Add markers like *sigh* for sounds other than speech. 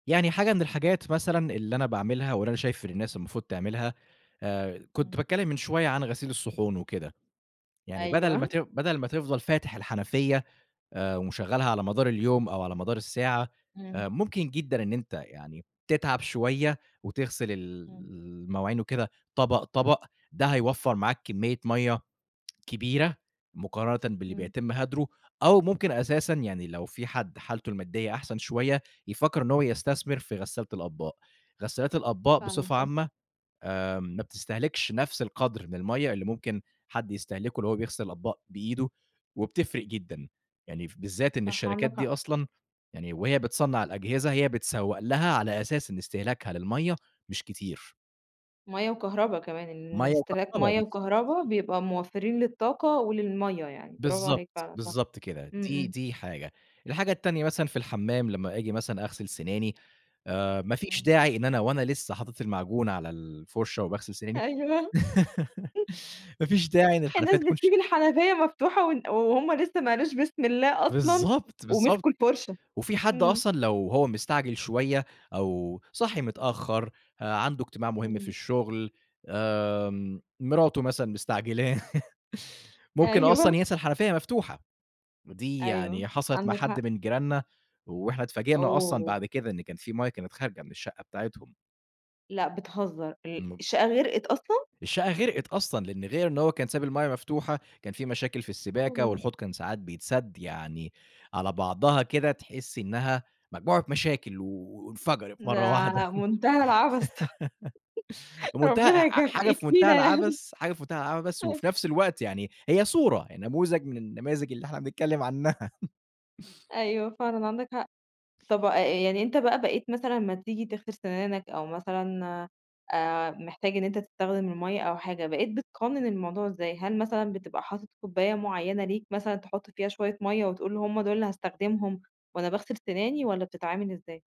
يعني حاجة من الحاجات مثلًا اللي أنا باعملها، واللي أنا شايف ان الناس المفروض تعملها، كنت إمم. باتكلِّم من شوية عن غسيل الصحون وكده، يعني بدل ما أيوه. ت بدل ما تفضل فاتح الحنفية، آآ، ومشغّلها على مدار اليوم، أو على مدار الساعة، إمم. ممكن جدًا إن أنت يعني تتعب شوية وتغسل ال إمم. المواعين وكده، طبق، طبق ده هيوفّر معاك كمية مَيّة كبيرة مقارنةً باللي إمم. بيتم هدرُه، أو ممكن أساسًا يعني لو في حد حالته المادية أحسن شوية، يفكّر إن هو يستثمر في غسّالة الأطباق، غسالات الأطباق فعلًا بصفة صح. عامة، آآ، ما بتستهلكش نفس القدر من المَيّة اللي ممكن حد يستهلكه لو هو بيغسل الأطباق بإيدُه وبتفرق جدًا، يعني بالذات إن صح، الشركات عندك دي حق. أصلًا، يعني وهي بتصنَّع الأجهزة، هي بتسوّق لها على أساس إن استهلاكها للمَيّة مش كتير. مَيّة وكهربا كمان، إن مَيّة استهلاك وكهربا، مَيّة بالضبط. وكهربا بيبقى موفّرين للطاقة وللمَيّة يعني، برافو عليك بالضبط، فعلًا صح، بالضبط كده، امم، دي امم. دي حاجة، الحاجة التانية مثلًا في الحمّام لمّا آجي مثلًا أغسل سناني آآ، ما فيش إمم. داعي إن أنا وأنا لسه حاطت المعجون على الفُرشة وباغسل سناني، أيوه، *laughs* *laughs* ما فيش داعي إن الحنفية الناس تكون ش بتسيب الحنفية مفتوحة، و وهم لسه ما قالوش بسم الله أصلًا، بالضبط، بالضبط ومسكوا الفرشة، وفي حد إمم. أصلًا لو هو مستعجل شوية، أو صاحي متأخر، عنده اجتماع مهم في إمم. الشغل آآ، مراته مثلًا مستعجلاه، *laughs* ممكن أصلًا أيوه. ينسى الحنفية مفتوحة، ودي أيوه، يعني حصلت مع عندك حد حق. من جيراننا وإحنا اتفاجئنا أصلًا أوه. بعد كده، إن كان في مَيّة كانت خارجة من الشقة بتاعتهم. لأ بتهزر! ال م الشقة غرقت أصلًا؟ الشقة غرقت أصلًا، لأن غير إن هو كان سايب المَيّة مفتوحة، كان في مشاكل في السباكة أوه. والحوض كان ساعات بيتسدّ يعني على بعضها كده، تحس إنها مجموعة مشاكل وانفجرت مرّه واحدة، ده منتهى العبث ط *laughs* *laughs* منتهى ربنا يك ح حاجة في منتهى يكفينا يعني. العبث حاجة في منتهى العبث، أيوه. وفي نفس الوقت يعني هي صورة، نموذج من النماذج اللي إحنا بنتكلِّم عنَّها. أيوه، فعلًا عندك حق، طَب يعني أنت بقى بقيت مثلًا لمّا تيجي تغسل سنانك، أو مثلًا، آآ، محتاج إن أنت تستخدم المَيّة أو حاجة، بقيت بتقنّن الموضوع إزاي؟ هل مثلًا بتبقى حاطط كوباية معيّنة ليك مثلًا تحط فيها شوية مَيّة وتقول هم دول اللي هاستخدمهم، وأنا باغسل سناني والَّا بتتعامل إزاي؟